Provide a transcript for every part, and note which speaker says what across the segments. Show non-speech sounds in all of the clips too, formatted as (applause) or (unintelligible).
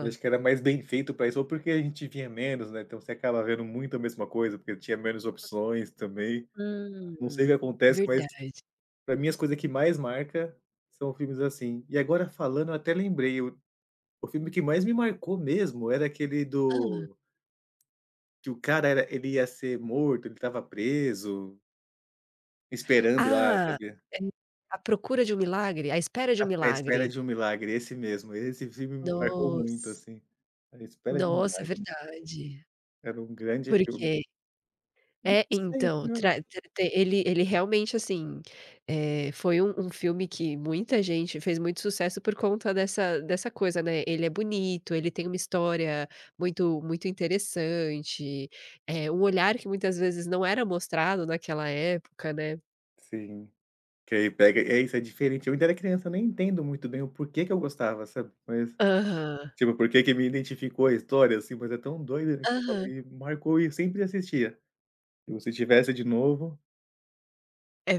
Speaker 1: Eu acho que era mais bem feito pra isso ou porque a gente via menos, né. Então você acaba vendo muito a mesma coisa, porque tinha menos opções também. Não sei se
Speaker 2: Hum.
Speaker 1: acontece, mas
Speaker 2: Verdade.
Speaker 1: pra mim as coisa que mais marca são filmes assim. E agora falando, eu até lembrei o o filme que mais me marcou mesmo, era aquele
Speaker 2: Hã?
Speaker 1: do que o cara era ele ia ser morto, ele estava preso esperando a
Speaker 2: Ah,
Speaker 1: cadeira.
Speaker 2: À Procura de Um Milagre À Espera de
Speaker 1: À
Speaker 2: Um
Speaker 1: À Espera
Speaker 2: Milagre.
Speaker 1: de Um Milagre, esse mesmo, esse filme me marcou muito,
Speaker 2: Nossa.
Speaker 1: assim. À Espera de Um
Speaker 2: Nossa, é
Speaker 1: Milagre.
Speaker 2: verdade.
Speaker 1: Era um grande
Speaker 2: Por
Speaker 1: filme.
Speaker 2: quê?
Speaker 1: Hum,
Speaker 2: É,
Speaker 1: não sei o
Speaker 2: então,
Speaker 1: que era
Speaker 2: tra te te ele ele, realmente, assim, eh, foi um um filme que muita gente fez muito sucesso por conta dessa dessa coisa, né, ele é bonito, ele tem uma história muito muito interessante, eh, um olhar que muitas vezes não era mostrado naquela época, né.
Speaker 1: Sim. Que aí pega é, isso é diferente. Eu ainda era criança, nem entendo muito bem o porquê que eu gostava, sabe. Mas,
Speaker 2: Aham.
Speaker 1: tipo, porque que me identificou a história, assim, mas é tão doida, né, que eu
Speaker 2: Aham.
Speaker 1: falei, marcou e eu sempre assistia. E o se tivesse de novo
Speaker 2: É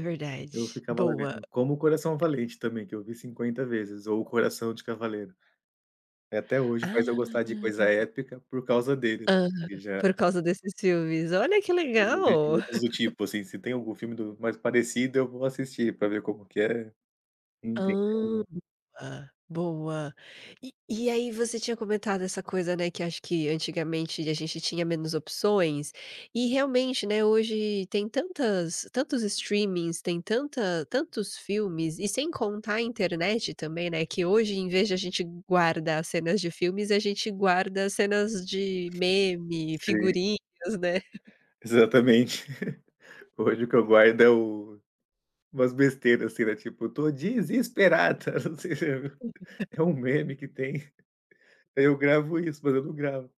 Speaker 1: eu
Speaker 2: verdade.
Speaker 1: ficava lá
Speaker 2: Boa.
Speaker 1: vendo. Como Coração Valente também, que eu vi 50 vezes, ou o Coração de Cavaleiro. Eh, até hoje faz eu gostar de coisa
Speaker 2: Ah.
Speaker 1: épica por causa dele,
Speaker 2: Aham.
Speaker 1: que já
Speaker 2: Por causa desses filmes. Olha que
Speaker 1: (unintelligible)
Speaker 2: legal.
Speaker 1: do
Speaker 2: (laughs)
Speaker 1: tipo, assim, se tem algum filme do mais parecido, eu vou assistir pra ver como que é, entender
Speaker 2: Hã, ah, boa. E e aí você tinha comentado essa coisa, né, que acho que antigamente a gente tinha menos opções, e, realmente, né, hoje tem tantas tantos streamings, tem tanta tantos filmes, e sem contar a internet também, né, que hoje, em vez de a gente guardar cenas de filmes, a gente guarda cenas de meme,
Speaker 1: Sim.
Speaker 2: figurinhas, né. (chuckles)
Speaker 1: Exatamente. (giggles) Hoje o que eu guardo é o umas besteiras, assim, né, tipo, "tô desesperado" (unintelligible)
Speaker 2: (laughs)
Speaker 1: é um meme que tem. Eu gravo isso, mas eu não gravo